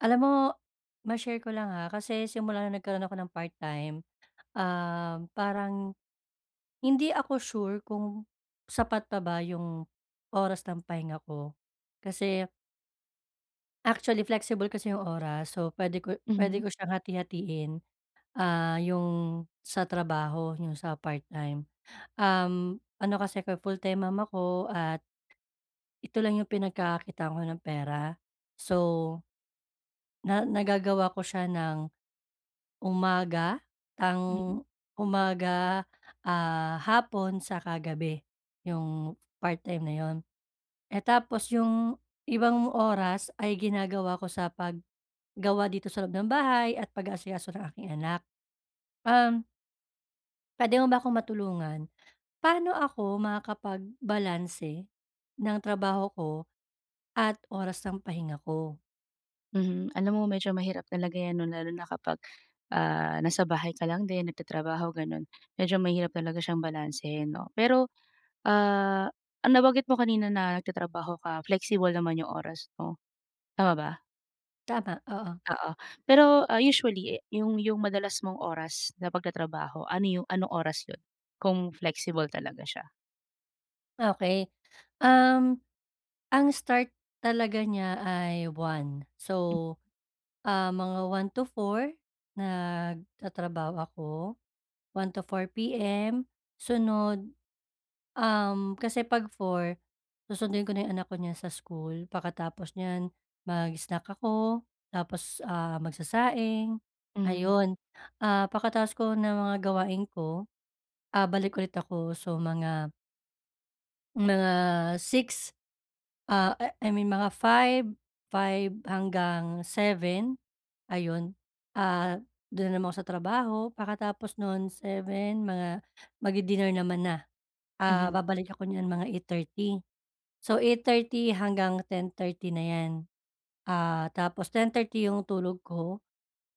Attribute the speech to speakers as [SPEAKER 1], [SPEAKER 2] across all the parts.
[SPEAKER 1] Alam mo, ma-share ko lang ha, kasi simula na nagkaroon ako ng part time, um, parang, hindi ako sure kung sapat pa ba yung oras ng pahinga ko kasi Actually flexible kasi 'yong oras, so puwede ko puwede
[SPEAKER 2] Mhm.
[SPEAKER 1] ko siyang hati-hatiin. Ah, 'yong sa trabaho 'yong sa part-time. Um, ano kasi, full time mom ako at ito lang yung pinagkakakitaan ko ng pera. So na nagagawa ko siya nang umaga, tang
[SPEAKER 2] Mm.
[SPEAKER 1] umaga, ah, hapon 'tsaka gabi, yung part-time na 'yon. Eh, tapos yung ibang oras ay ginagawa ko sa paggawa dito sa loob ng bahay at pag-aasikaso ng aking anak. Um puwede mo ba akong matulungan? Paano ako makakapag-balanse ng trabaho ko at oras ng pahinga ko?
[SPEAKER 2] Mhm, alam mo medyo mahirap talaga 'yan 'no lalo na kapag, ah, nasa bahay ka lang din nagtatrabaho gano'n, medyo mahirap talaga siyang balansehin 'no? Pero, ah, nabanggit mo kanina na nagtatrabaho ka, flexible naman yung oras mo, tama ba?
[SPEAKER 1] Tama, oo.
[SPEAKER 2] Oo. Pero, ah, usually yung yung madalas mong oras na pagtatrabaho ano yung anong oras iyon? Kung flexible talaga siya?
[SPEAKER 1] Okey, um, ang start talaga niya ay 1 so, ah mga 1 to 4 nagtatrabaho ako, 1:00 to 4:00 PM sunod, um, kasi 'pag 4 susunduin ko na yung anak ko niyan sa school. Pagkatapos nyan mag-snack ako, tapos, ah, magsasaing,
[SPEAKER 2] Mhm.
[SPEAKER 1] ayon. Ah, pagkatapos ko ng mga gawain ko, ah, balik ulit ako. So, mga, mga 6, ah, I I mean 5, 5 hanggang 7 ayon. Ah, doon naman ako sa trabaho, pagkatapos noon 7 mga magdi-dinner naman na. Ah,
[SPEAKER 2] Mhm.
[SPEAKER 1] babalik ako nyan mga 8:30, so 8:30 hanggang 10:30 na iyan. Ah, tapos 10:30 yung tulog ko,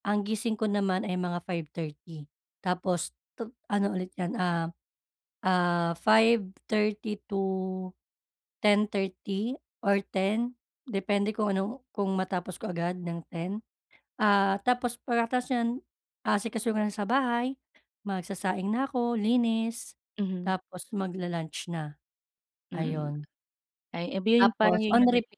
[SPEAKER 1] ang gising ko naman ay mga 5:30 tapos tu ano ulit iyan, ah, ah, 5:30 to 10:30 or 10 depende kung ano kung matapos ko agad ng 10. Ah, tapos pagkatapos niyan aasikasuhin ko na sa bahay, magsasaing na ako linis,
[SPEAKER 2] Mhm.
[SPEAKER 1] tapos mag-la-lunch na,
[SPEAKER 2] Mm,
[SPEAKER 1] ayon.
[SPEAKER 2] ay iba iyon parang
[SPEAKER 1] Tapos
[SPEAKER 2] iyon
[SPEAKER 1] on
[SPEAKER 2] yung nag
[SPEAKER 1] repeat,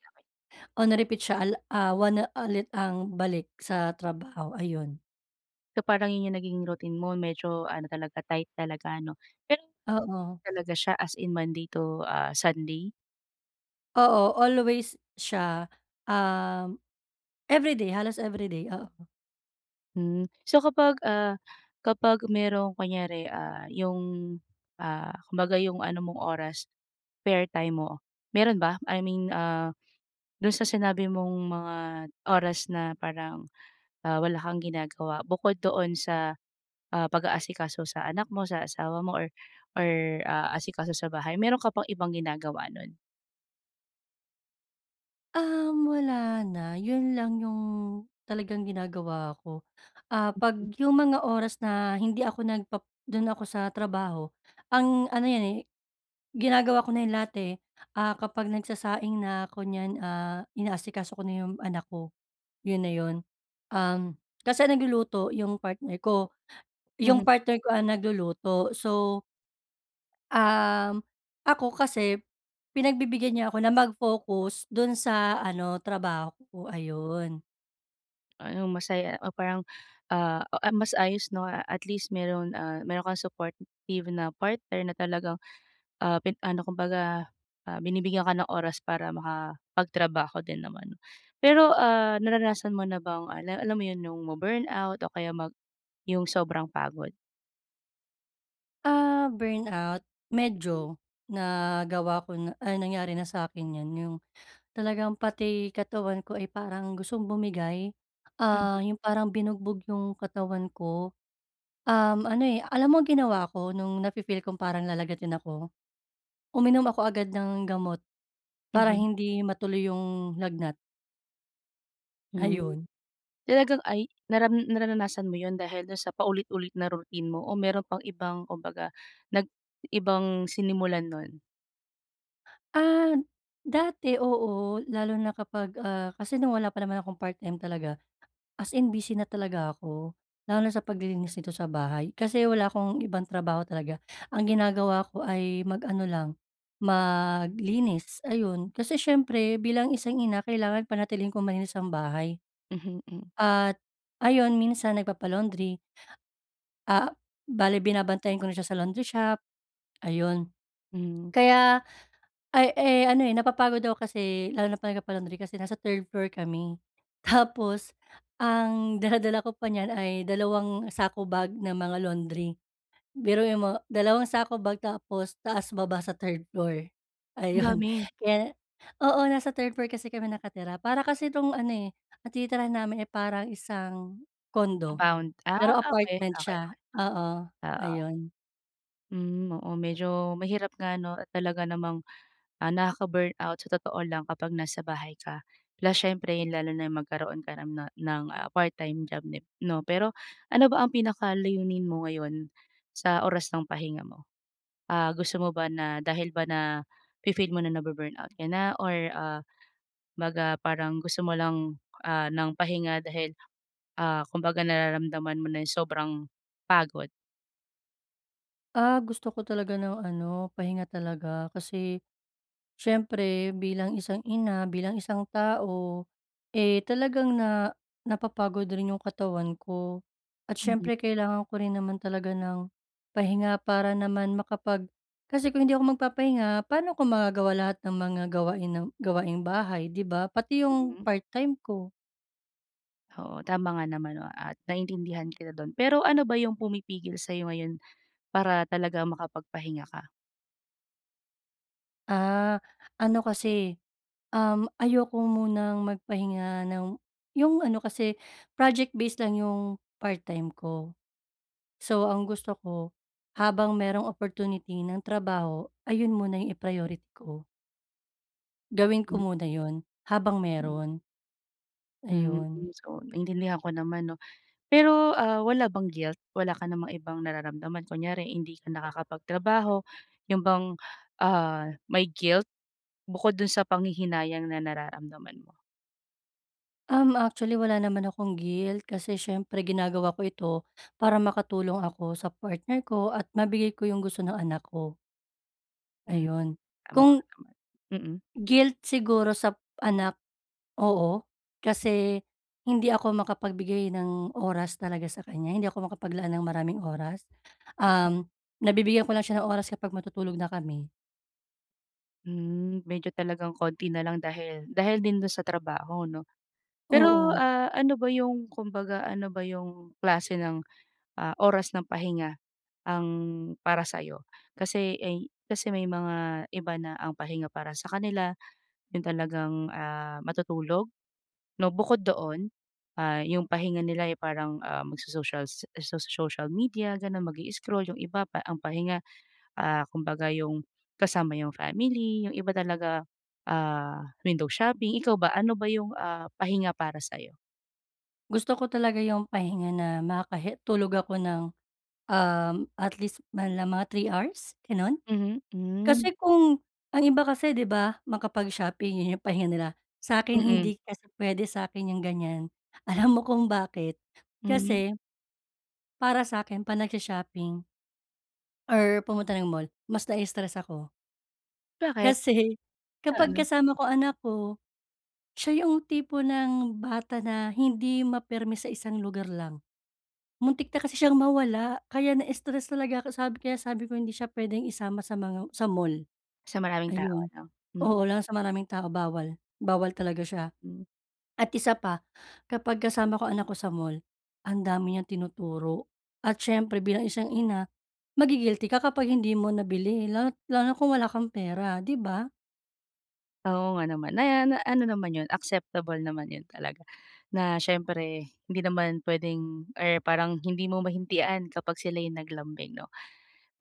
[SPEAKER 1] on repeat siya ala ah, 1 na ulit ang balik sa trabaho, ayon.
[SPEAKER 2] So parang 'yun 'yung nagiging routine mo. Medyo ano talaga, tight talaga ano. Pero
[SPEAKER 1] Oo.
[SPEAKER 2] talaga siya as in Monday to, ah, Sunday?
[SPEAKER 1] Oo, always siya. Um, every day, halos every day. Oo.
[SPEAKER 2] Mm. So kapag, ah, kapag merong kunyari, ah, 'yung, ah, kumbaga 'yung ano mong oras, spare time mo, meron ba? I mean, ah, dun sa sinabi mong mga oras na parang, ah, wala kang ginagawa, bukod doon sa, ah, pag-aasikaso sa anak mo, sa asawa mo, or, or ah, asikaso sa bahay, meron ka pang ibang ginagawa nun?
[SPEAKER 1] Um, wala na. 'Yun lang 'yung talagang ginagawa ko. Ah, ‘pag
[SPEAKER 2] Mm.
[SPEAKER 1] 'yung mga oras na hindi ako nag-pap dun ako sa trabaho, ang ano ’yan eh, ginagawa ko na ‘yan lahat, eh. Ah, kapag nagsasaing na ko niyan, ah, inaasikaso ko na ’yong anak ko. 'Yun na 'yun. Um, kasi ang nagluluto 'yung partner ko. 'Yung
[SPEAKER 2] Mhm.
[SPEAKER 1] partner ko ang nagluluto. So, um, ako kasi, pinagbibigyan niya ako na mag-focus dun sa ano trabaho ko, ayun.
[SPEAKER 2] Anong masaya o parang, ah, o mas ayos 'no at least meron, ah, meron kang supportive na partner na talagang, ah, pin ano kumbaga, ah, binibigyan ka ng oras para makapagtrabaho din naman. Pero, ah, naranasan mo na bang al alam mo yun yung ma-burnout o kaya mag yung sobrang pagod?
[SPEAKER 1] Ah, burnout medyo nagawa ko na ay nangyari na sa'kin 'yan, yung talagang pati katawan ko ay parang gustong bumigay,
[SPEAKER 2] Mhm.
[SPEAKER 1] ah, yung parang binugbog yung katawan ko. Um, ano, eh, alam mo ang ginawa ko nung nafi-feel kong parang lalagnatin ako, uminom ako agad ng gamot para
[SPEAKER 2] Mhm.
[SPEAKER 1] hindi matuloy yung lagnat.
[SPEAKER 2] Hmm.
[SPEAKER 1] Ayun.
[SPEAKER 2] Talagang ay, naran nararanasan mo yun dahil dun sa paulit-ulit na routine mo o meron pang ibang kumbaga nag ibang sinimulan nun?
[SPEAKER 1] Ah, dati oo, lalo na kapag, ah, kasi nung wala pa naman akong part-time talaga, as in busy na talaga ako. Lalo na sa paglilinis dito sa bahay kasi wala akong ibang trabaho talaga. Ang ginagawa ko ay mag-ano lang, maglinis ayun kasi siyempre bilang isang ina kailangan panatilihin kong malinis ang bahay,
[SPEAKER 2] Mhm, hmm.
[SPEAKER 1] at, ayon minsan nagpapa-laundry. Ah, bale binabantayan ko na siya sa laundry shop, ayun.
[SPEAKER 2] Hmm.
[SPEAKER 1] Kaya ay, eh, ano, eh, napapagod ako kasi lalo na pag nagpapa-laundry kasi nasa 3rd floor kami, tapos ang dala-dala ko pa niyan ay dalawang sako bag ng mga laundry. Biruin mo dalawang sako bag tapos taas-baba sa 3rd floor,
[SPEAKER 2] Ang
[SPEAKER 1] ayun.
[SPEAKER 2] dami.
[SPEAKER 1] Kaya oo nasa 3rd floor kasi kami nakatira para kasi tong ano, eh, ang tinitirahan namin ay parang isang condo,
[SPEAKER 2] Compound, ah,
[SPEAKER 1] pero
[SPEAKER 2] okey,
[SPEAKER 1] apartment
[SPEAKER 2] okey,
[SPEAKER 1] siya,
[SPEAKER 2] okey,
[SPEAKER 1] oo,
[SPEAKER 2] oo.
[SPEAKER 1] ayun.
[SPEAKER 2] Hmm, oo medyo mahirap nga no, at talaga namang, ah, nakaka-burnout sa totoo lang kapag nasa bahay ka. La siyempre yun lalo na yung magkaroon ka ng ah ng ah, part-time job dib no. Pero ano ba ang pinakalayunin mo ngayon, sa oras ng pahinga mo? Ah, gusto mo ba na dahil ba nafi-feel mo na na-bu-burnout ka na or ah, mag ah, parang gusto mo lang ah, ng pahinga dahil ah, kumbaga nararamdaman mo na yung sobrang, pagod?
[SPEAKER 1] Ah, gusto ko talaga ng ano pahinga talaga. Kasi, siyempre bilang isang ina, bilang isang tao, eh, talagang na napapagod rin yung katawan ko. At
[SPEAKER 2] Mhm.
[SPEAKER 1] siyempre kailangan ko rin naman talaga ng pahinga para naman makapag kasi kung hindi ako magpapahinga pano ko magagawa lahat ng mga gawain ng gawaing bahay di ba? Pati yung
[SPEAKER 2] Mhm.
[SPEAKER 1] part-time ko.
[SPEAKER 2] Oo tama nga naman no, at naiintindihan kita dun. Pero ano ba yung pumipigil sayo ngayon, para talagang makapagpahinga ka?
[SPEAKER 1] Ah, ano kasi, um, ayoko munang magpahinga ng yung ano kasi project-based lang yung part-time ko. So ang gusto ko, habang mayroong opportunity ng trabaho ayun muna yung i-priority ko. Gawin
[SPEAKER 2] Hmm,
[SPEAKER 1] ko muna 'yon habang
[SPEAKER 2] hmm.
[SPEAKER 1] meron.
[SPEAKER 2] Mm.
[SPEAKER 1] Ayun.
[SPEAKER 2] So naiintindihan ko naman, 'no. Pero, ah, wala bang guilt? Wala ka namang ibang nararamdaman, kunwari hindi ka nakakapagtrabaho 'yon bang, ah, may guilt bukod do'n sa panghihinayang na nararamdaman mo?
[SPEAKER 1] Um, actually wala naman akong guilt kasi siyempre ginagawa ko ito para makatulong ako sa partner ko at mabigay ko yung gusto ng anak ko.
[SPEAKER 2] Mm.
[SPEAKER 1] Ayun.
[SPEAKER 2] Tama nga
[SPEAKER 1] Kung
[SPEAKER 2] naman. Mm.
[SPEAKER 1] guilt siguro sa anak, oo. Kasi hindi ako makapagbigay ng oras talaga sa kanya. Hindi ako makapaglaan ng maraming oras,
[SPEAKER 2] [unintelligible]
[SPEAKER 1] um, nabibigyan ko lang siya ng oras kapag matutulog na kami.
[SPEAKER 2] Hmm, medyo talagang konti na lang dahil dahil din do'n sa trabaho 'no. Pero,
[SPEAKER 1] Oo.
[SPEAKER 2] ah, ano ba yung kumbaga ano ba yung klase ng, ah, oras ng pahinga, ang para sa'yo? Kasi, eh, kasi may mga iba na ang pahinga para sa kanila, yung talagang, ah, matutulog, 'no. Bukod doon, ah, yung pahinga nila ay parang, ah, magso-socials so social media, ganun, mag-i-scroll, yung iba pa ang pahinga, ah, kumbaga yung, kasama yung family, yung iba talaga, ah, window shopping. Ikaw ba? Ano ba yung, ah, pahinga para sa'yo?
[SPEAKER 1] Gusto ko talaga yung pahinga na makakahe tulog ako ng, um, at least manlang mga 3 hours? Ganon.
[SPEAKER 2] Mhm. Hmm.
[SPEAKER 1] Kasi kung ang iba kasi di ba, makapag-shopping, yun yung pahinga nila. Sa'kin
[SPEAKER 2] Mm.
[SPEAKER 1] hindi kasi pwede sakin yung ganyan. Alam mo kung bakit?
[SPEAKER 2] Mhm.
[SPEAKER 1] Kasi para sakin 'pag nagsho-shopping or pumunta ng mall, mas nai-stress ako.
[SPEAKER 2] Bakit?
[SPEAKER 1] Kasi, kapag
[SPEAKER 2] Oo.
[SPEAKER 1] kasama ko anak ko, siya yung tipo ng bata na hindi mapirmi sa isang lugar lang. Muntik na kasi siyang mawala, kaya na-stress talaga ako. Sabi ko kaya sabi ko, hindi siya pwedeng isama sa mga sa mall.
[SPEAKER 2] Sa maraming tao
[SPEAKER 1] Ayun.
[SPEAKER 2] 'no. Mm.
[SPEAKER 1] Oo, lalo na sa maraming tao, bawal. Bawal talaga siya.
[SPEAKER 2] Hmm.
[SPEAKER 1] At isa pa, kapag kasama ko anak ko sa mall, ang dami niyang tinuturo. At siyempre bilang isang ina, magi-guilty ka kapag hindi mo nabili, lalo't lalo na kung wala kang pera, di ba?
[SPEAKER 2] Oo nga naman, na na ano naman 'yon acceptable naman 'yon talaga na siyempre, hindi naman puwedeng or parang hindi mo mahindian kapag sila'y naglambing 'no.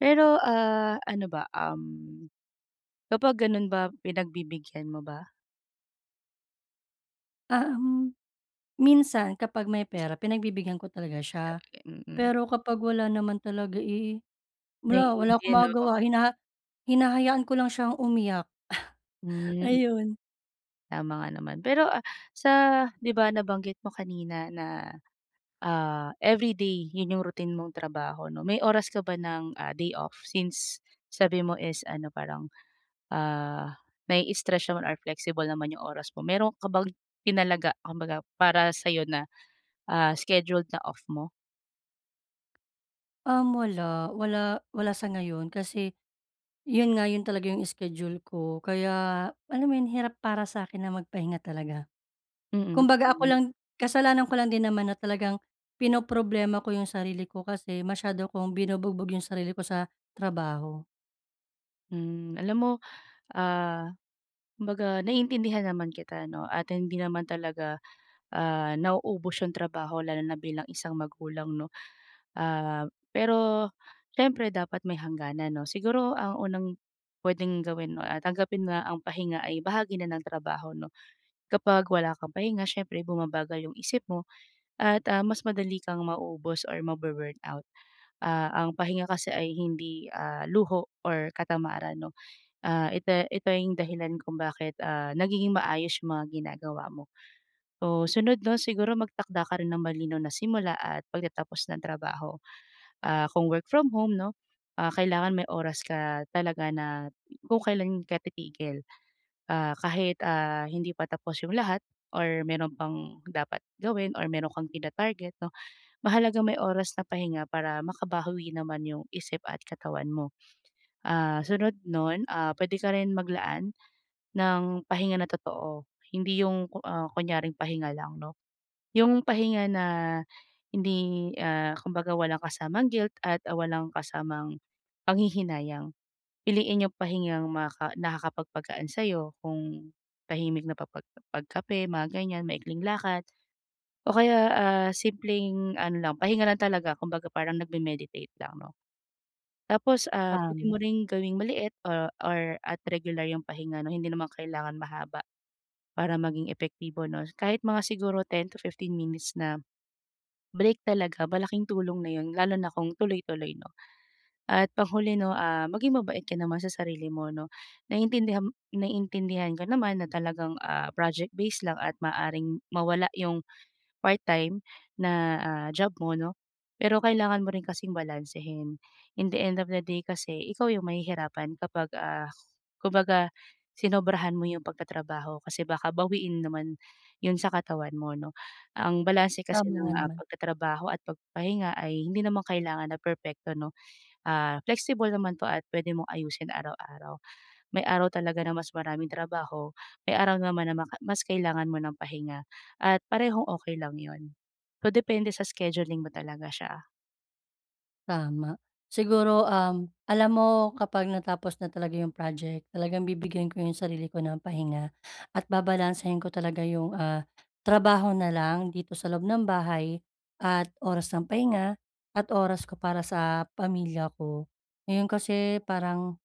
[SPEAKER 2] Pero, ah, ano ba, um, kapag gano'n ba pinagbibigyan mo ba?
[SPEAKER 1] Ah, um, minsan kapag may pera pinagbibigyan ko talaga siya.
[SPEAKER 2] [unintelligible] Mm.
[SPEAKER 1] Pero kapag wala naman talaga, eh, wala, wala akong
[SPEAKER 2] [unintelligible] 'No, oh.
[SPEAKER 1] magagawa hinaha hinahayaan ko lang siyang umiyak
[SPEAKER 2] Hmm, hmm.
[SPEAKER 1] ayun.
[SPEAKER 2] Tama nga naman. Pero, ah, sa 'di ba nabanggit mo kanina na, ah, everyday 'yon yung routine mong trabaho 'no, may oras ka ba ng, ah, day off since sabi mo is ano parang, ah, nai-stretch or flexible naman yung oras mo, mayro'n ka bang tinalaga kumbaga para sa'yo na, ah, scheduled na off mo?
[SPEAKER 1] Um, wala. Wala, wala sa ngayon kasi 'yon nga 'yon talaga yung schedule ko, kaya alam mo 'yon hirap para sa'kin na magpahinga talaga.
[SPEAKER 2] Mm,
[SPEAKER 1] Kumbaga ako
[SPEAKER 2] hmm.
[SPEAKER 1] lang kasalanan ko lang din naman na talagang pinoproblema ko yung sarili ko kasi masyado kong binubugbog yung sarili ko sa trabaho.
[SPEAKER 2] Mm. Alam mo, ah, kumbaga naiintindihan naman kita 'no at hindi naman talaga, ah, nauubos 'yung trabaho lalo na bilang isang magulang, 'no. Ah, pero siyempre dapat may hangganan 'no. Siguro ang unang pwedeng gawin 'no, ah, tanggapin na ang pahinga ay bahagi na ng trabaho 'no. Kapag wala kang pahinga siyempre bumabagal 'yung isip mo at ah, mas madali kang mauubos or ma-bu-burn out. Ah, ang pahinga kasi ay hindi, ah, luho or katamaran 'no. Ah, ite ito 'yung dahilan kung bakit, ah, nagiging maayos 'yung mga ginagawa mo. So, sunod 'no siguro magtakda ka rin ng malinaw na simula at pagtatapos ng trabaho. Ah, kung work from home 'no, ah, kailangan may oras ka talaga na kung kailan ka titigil. Ah, kahit, ah, hindi pa tapos 'yung lahat or meron pang dapat gawin or meron kang tina-target 'no. Mahalagang may oras na pahinga para makabawi naman 'yung isip at katawan mo. Ah, sunod nun, ah, pwede ka rin maglaan ng pahinga na totoo, hindi 'yung ku ah, kunyaring pahinga lang 'no. 'Yung pahinga na hindi, ah, kumbaga walang kasamang guilt at ah, walang kasamang panghihinayang. Piliin 'yung pahingang makaka nakakapagpagaan sa'yo, kung tahimik na pa pa pag pagkape mga ganyan, maikling lakad o kaya, ah, simpleng ano lang pahinga lang talaga kumbaga parang nag-me-meditate lang 'no. Tapos, ah, pwede
[SPEAKER 1] Tama.
[SPEAKER 2] mo rin gawing maliit o or at regular 'yung pahinga 'no. Hindi naman kailangan mahaba para maging epektibo 'no, kahit mga siguro 10-15 minutes na break talaga malaking tulong na 'yun lalo na kung tuloy-tuloy 'no. At panghuli 'no, ah, maging mabait ka naman sa sarili 'no naiintindiham naiintindihan ko naman na talagang, ah, project-base lang at maaaring mawala 'yung part-time na, ah, job mo, 'no. Pero kailangan mo rin kasing balansehin. In the end of the day kasi ikaw 'yung mahihirapan kapag, ah, kumbaga sinobrahan mo 'yung pagtatrabaho kasi baka bawiin naman 'yun sa katawan mo, no. Ang balanse kasi
[SPEAKER 1] Tama nga
[SPEAKER 2] ng, ah,
[SPEAKER 1] naman.
[SPEAKER 2] pagtatrabaho at pagpapahinga ay hindi naman kailangan na perpekto no. Ah, flexible naman 'to at pwede mong ayusin araw-araw. May araw talaga na mas maraming trabaho, may araw naman na maka mas kailangan mo ng pahinga at parehong okey lang 'yun. So depende sa scheduling mo talaga siya.
[SPEAKER 1] Tama. Siguro, um, alam mo kapag natapos na talaga 'yung project, talagang bibigyan ko 'yung sarili ko ng pahinga at babalansehin ko talaga 'yung, ah, trabaho na lang dito sa loob ng bahay at oras ng pahinga at oras ko para sa pamilya ko. Ngayon kasi parang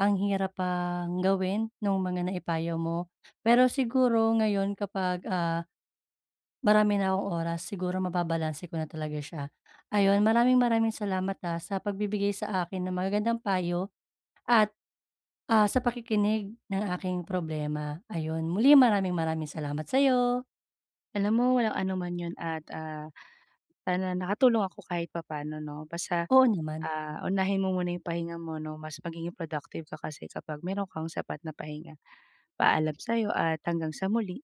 [SPEAKER 1] ang hirap pang gawin nung mga naipayo mo. Pero siguro ngayon kapag, ah, marami na akong oras siguro mababalanse ko na talaga siya. Ayon, maraming-maraming salamat, ah, sa pagbibigay sa akin ng magagandang payo at ah, sa pakikinig ng aking problema. Ayun, muli maraming-maraming salamat sa'yo.
[SPEAKER 2] Alam mo walang anuman 'yun at, ah, sana nakatulong ako kahit papaano 'no. Basta,
[SPEAKER 1] Oo naman.
[SPEAKER 2] ah, unahin mo muna 'yung pahinga mo no, mas magiging productive ka kasi kapag meron kang sapat na pahinga. Paalam sa'yo at hanggang sa muli.